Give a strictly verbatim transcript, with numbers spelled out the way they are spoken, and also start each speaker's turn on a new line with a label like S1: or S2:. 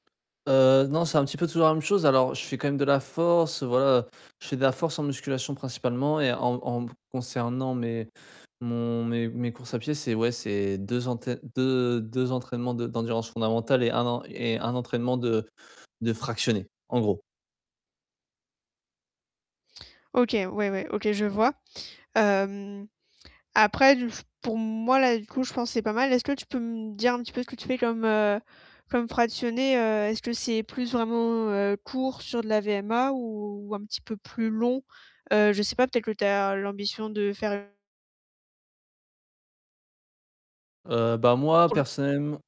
S1: Heu, non, c'est un petit peu toujours la même chose, alors je fais quand même de la force. Heu, voilà, je fais de la force en musculation principalement et en en m concernant mes mon mes mes courses à pied, c'est ouais, c'est deux entè deux deux entraînements de d'endurance fondamentale et un en et un entraînement de de fractionné en gros.
S2: OK, ouais ouais, OK, je vois. Hem, après du f pour moi là, du coup, je pense que c'est pas mal. Est-ce que tu peux me dire un petit peu ce que tu fais comme, heu, comme fractionné? Heu, est-ce que c'est plus vraiment, heu, court sur de la VMA? Ou un petit peu plus long? Heu, je sais pas, peut-être que tu as l'ambition de faire une
S1: Heu, bah moi
S2: Probl
S1: personnellement